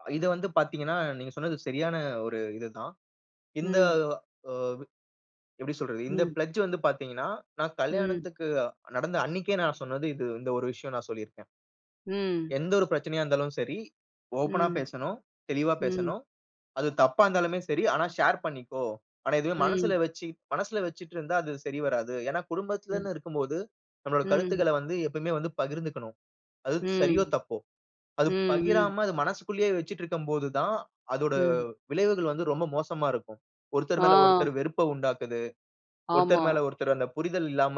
அ இத வந்து பார்த்தீங்கன்னா, நீங்க சொன்னது சரியான ஒரு இது தான். இந்த ம். ஆ எப்பிடி சொல்றது? இந்த ம். பிளெட்ஜ் வந்து பார்த்தீங்கன்னா, நான் ம். கல்யாணத்துக்கு நடந்த அன்னக்கே நான் சொன்னது, இது இந்த ஒரு விஷயம் நான் சொல்லியிருக்கேன். ம். எந்த ஒரு பிரச்சனையா இருந்தாலும் சரி, ஓப்பனா ம். பேசணும், தெளிவா ம். பேசணும். அது தப்பா இருந்தாலுமே சரி, ஆனா ஷேர் பண்ணிக்கோ! ஆனா இதுவே ம். மனசில வச்சி, மனசில வச்சிட்டு இருந்தா அது சரி வராது. ஏனா ம். குடும்பத்திலன்னு இருக்கும்போது, நம்மோட ம். கருத்துக்கள வந்து எப்பவுமே வந்து பகிர்ந்துக்கணும். அது சரியோ! ம். தப்போ! ம், அது ம். பகிராம அது மனசுக்குள்ளேயே வச்சிக்கிட்டு இருக்கும்போது தான், அதோட ம். விளைவுகள் வந்து ரொம்ப மோசமா இருக்கும். ஒருத்தர் மேல ஒருத்தர் ஆ. வெறுப்ப உண்டாக்குது, ஒருத்தர் ஆமா. மேல ஒருத்தர் அந்த புரிதல் இல்லாம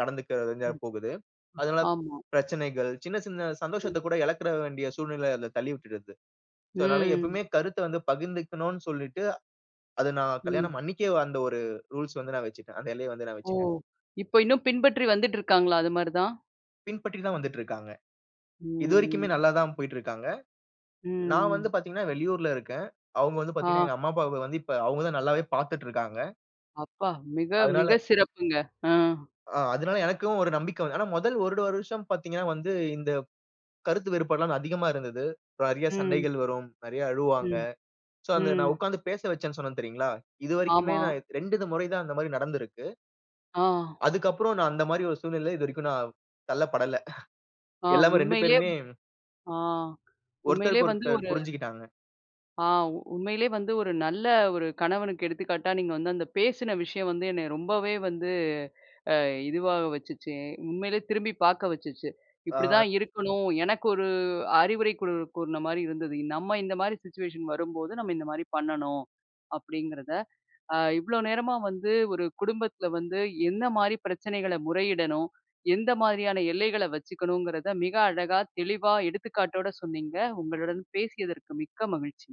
நடந்துக்க வேண்டியதா ம். போகுது. அதனால ஆமா. பிரச்சனைகள், சின்ன, சின்ன ம். சந்தோஷத்தக் கூட இழக்கிற வேண்டிய சூழ்நிலை அதில தள்ளி விட்டுருது. சோ, அதனால ம். எப்பமே கருத்த வந்து பகிர்ந்துக்கணுன்னு சொல்லிட்டு, அது நான் ம். கல்யாணம் அன்னக்கே அந்த ஒரு ரூல்ஸ் வந்து நான் வச்சுட்டேன். அந்த எல்லைய வந்து நான் ஓ! வச்சுட்டேன். இப்ப இன்னும் பின்பற்றி வந்துட்டு இருக்காங்களா? அதுமாரி தான். பின்பற்றி தான் வந்துட்டு இருக்காங்க. ம், இதுவரைக்குமே ம். நல்லா தான் போயிட்டு இருக்காங்க. ம், நான் வந்து ம். பார்த்தீங்கன்னா, வெளியூர்ல இருக்கேன். அவுங்க வந்து பார்த்தீங்கன்னா, ஆ. எங்க அம்மா, அப்பாவ வந்து இப்ப அவுங்க தான் நல்லாவே பார்த்துட்டு இருக்காங்க. அப்பா! மிக, அதனால, மிக சிறப்புங்க. ஆ. ஆ, அதுனால எனக்கும் ஒரு நம்பிக்கை வந்த ஆனா, முதல் ஒரு வருஷம் பார்த்தீங்கன்னா வந்து இந்த கருத்து வேறுபாடு எல்லாம் அதிகமா இருந்தது. நிறைய ம். சண்டைகள் வரும். நிறைய அழுவாங்க. ம், சோ, அந்த நான் ம். உட்கார்ந்து பேச வச்சேனு சொன்னேன் தெரியுங்களா? இதுவரைக்குமே ஆமா. நான் 2 இத முறை தான் அந்தமாரி நடந்திருக்கு. ஆ. அதுக்கு அப்புறம் நான் அந்தமாரி ஒரு சூழ்நிலையில இதுவரைக்கும் நான் தள்ளப்படல ஆ எல்லாமே 2 உண்மையிலே பேருமே ஆ உண்மையிலே ஒருத்தருக்கு வந்து ஒருத்தர் ஒரு புரிஞ்சுகிட்டாங்க. ஆ உண்மையிலே வந்து ஒரு நல்ல ஒரு கணவனுக்கு எடுத்துக்காட்டா, நீங்க வந்து அந்த பேசின விஷயம் வந்து என்ன ரொம்பவே வந்து அ இதுவா வச்சுச்சு, உண்மையிலே திரும்பி பார்க்க வச்சுச்சு, ஆ. இப்பிடிதான் இருக்கணும். எனக்கு ஒரு அறிவுரை கூ கூறினமாரி இருந்தது, நம்ம இந்தமாரி சிச்சுவேஷன் வரும்போது, நம்ம இந்த மாரி பண்ணணும், அப்பிடிங்கிறத. அ இவ்ளோ நேரமா வந்து, ஒரு குடும்பத்தில வந்து என்னமாரி பிரச்சனைகள முறையிடணும்? எந்த மாதிரியான எல்லைகள வச்சுக்கணுங்கிறத மிக அழகா, தெளிவா எடுத்துக்காட்டோட சொன்னீங்க, உங்களுடன் பேசியதற்கு மிக்க மகிழ்ச்சி.